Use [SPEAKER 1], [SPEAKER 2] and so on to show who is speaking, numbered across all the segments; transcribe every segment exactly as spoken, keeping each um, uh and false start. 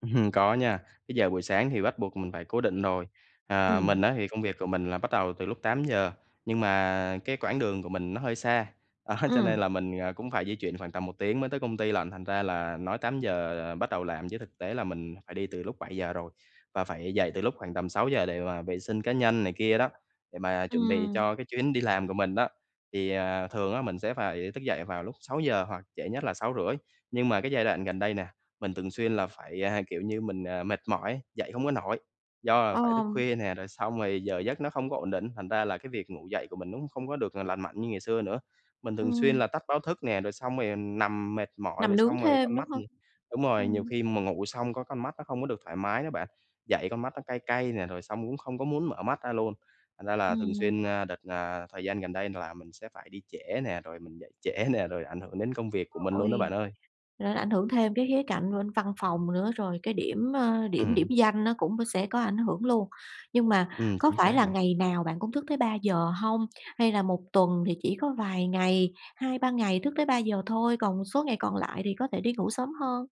[SPEAKER 1] Ừm. Có nha, cái giờ buổi sáng thì bắt buộc mình phải cố định rồi, ờ.
[SPEAKER 2] Ừm.
[SPEAKER 1] Mình á thì công việc của mình là bắt đầu từ lúc tám giờ, nhưng mà cái quãng đường của mình nó hơi xa, đó, cho nên
[SPEAKER 2] Ừm.
[SPEAKER 1] là mình, à, cũng phải di chuyển khoảng tầm một tiếng mới tới công ty lận. Thành ra là nói tám giờ là bắt đầu làm chứ thực tế là mình phải đi từ lúc bảy giờ rồi, và phải dậy từ lúc khoảng tầm sáu giờ để mà vệ sinh cá nhân này kia đó, để mà chuẩn bị
[SPEAKER 2] Ừm.
[SPEAKER 1] cho cái chuyến đi làm của mình đó, thì, à, thường á mình sẽ phải thức dậy vào lúc sáu giờ hoặc trễ nhất là sáu rưỡi. Nhưng mà cái giai đoạn gần đây nè, mình thường xuyên là phải, à, kiểu như, mình, à, mệt mỏi, dậy hông có nổi, do là phải thức
[SPEAKER 2] Ờm.
[SPEAKER 1] khuya nè, rồi xong rồi giờ giấc nó không có ổn định ấy, thành ra là cái việc ngủ dậy của mình nó cũng không có được, ờ, là lành mạnh như ngày xưa nữa. Mình thường xuyên
[SPEAKER 2] Ừm.
[SPEAKER 1] là tắt báo thức nè, rồi xong rồi nằm mệt mỏi,
[SPEAKER 2] Nằm
[SPEAKER 1] rồi
[SPEAKER 2] nướng
[SPEAKER 1] xong rồi
[SPEAKER 2] thêm,
[SPEAKER 1] con
[SPEAKER 2] đúng
[SPEAKER 1] mắt
[SPEAKER 2] hông?
[SPEAKER 1] thì đúng rồi, nhiều
[SPEAKER 2] Ừm.
[SPEAKER 1] khi mà ngủ xong có con mắt nó không có được thoải mái nữa bạn, dậy con mắt nó cay cay nè, rồi xong cũng không có muốn mở mắt ra luôn. Thành ra là thường
[SPEAKER 2] Ừm.
[SPEAKER 1] xuyên, a, đợt, à, thời gian gần đây là mình sẽ phải đi trễ nè, rồi mình dậy trễ nè, rồi ảnh hưởng đến công việc của mình luôn á
[SPEAKER 2] Ôi,
[SPEAKER 1] bạn ơi.
[SPEAKER 2] nó ảnh hưởng thêm cái khía cạnh bên văn phòng nữa, rồi cái điểm, ơ, điểm điểm
[SPEAKER 1] Ừm.
[SPEAKER 2] danh nó cũng sẽ có ảnh hưởng luôn, nhưng mà
[SPEAKER 1] Ừm,
[SPEAKER 2] có
[SPEAKER 1] chính
[SPEAKER 2] phải
[SPEAKER 1] xác
[SPEAKER 2] là
[SPEAKER 1] nè.
[SPEAKER 2] ngày nào bạn cũng thức tới ba giờ hông? Hay là một tuần thì chỉ có vài ngày, hai ba ngày thức tới ba giờ thôi, còn một số ngày còn lại thì có thể đi ngủ sớm hơn?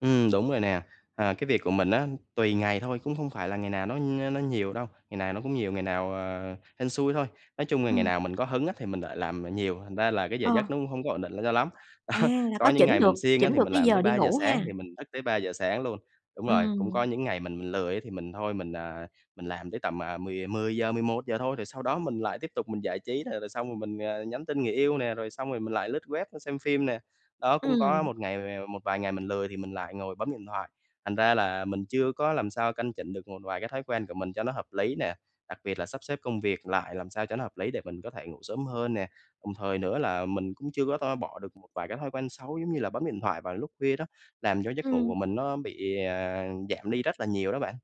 [SPEAKER 1] Ừm đúng rồi nè, ờ, cái việc của mình á, tùy ngày thôi, cũng không phải là ngày nào nó nó nhiều đâu, ngày nào nó cũng nhiều, ngày nào, ờ, hên xui thôi. Nói chung là ngày
[SPEAKER 2] Ừm.
[SPEAKER 1] nào mình có hứng á thì mình lại làm, à, nhiều, thành ra là cái giờ
[SPEAKER 2] Ờ.
[SPEAKER 1] giấc nó cũng hông có ổn định l cho lắm. Đó.
[SPEAKER 2] À, là có
[SPEAKER 1] Có những
[SPEAKER 2] chỉnh
[SPEAKER 1] ngày
[SPEAKER 2] được
[SPEAKER 1] mình siêng á
[SPEAKER 2] chỉnh
[SPEAKER 1] thì
[SPEAKER 2] được
[SPEAKER 1] mình
[SPEAKER 2] cái
[SPEAKER 1] làm tới
[SPEAKER 2] giờ đi
[SPEAKER 1] ba giờ
[SPEAKER 2] ngủ
[SPEAKER 1] sáng,
[SPEAKER 2] ha?
[SPEAKER 1] thì mình thức tới ba giờ sáng luôn đúng rồi, cũng có
[SPEAKER 2] Ừm.
[SPEAKER 1] những ngày mình mình lười á, thì mình thôi, mình, à, mình làm tới tầm, à, mười mười giờ, mười một giờ thôi, rồi sau đó mình lại tiếp tục mình giải trí. Là là xong rồi mình, ờ, nhắn tin người yêu nè, rồi xong rồi mình lại lướt web, a, xem phim nè. Đó, cũng có lấy
[SPEAKER 2] Ừm.
[SPEAKER 1] một ngày một vài ngày mình lười thì mình lại ngồi bấm điện thoại, thành ra là mình chưa có làm sao căn chỉnh được một vài cái thói quen của mình cho nó hợp lý nè, đặc biệt là sắp xếp công việc lại làm sao cho nó hợp lý để mình có thể ngủ sớm hơn nè. Đồng thời nữa là mình cũng chưa có to bỏ được một vài cái thói quen xấu, giống như là bấm điện thoại vào lúc khuya đó, làm cho giấc ngủ của
[SPEAKER 2] Ừm.
[SPEAKER 1] mình nó bị, à, giảm đi rất là nhiều đó bạn.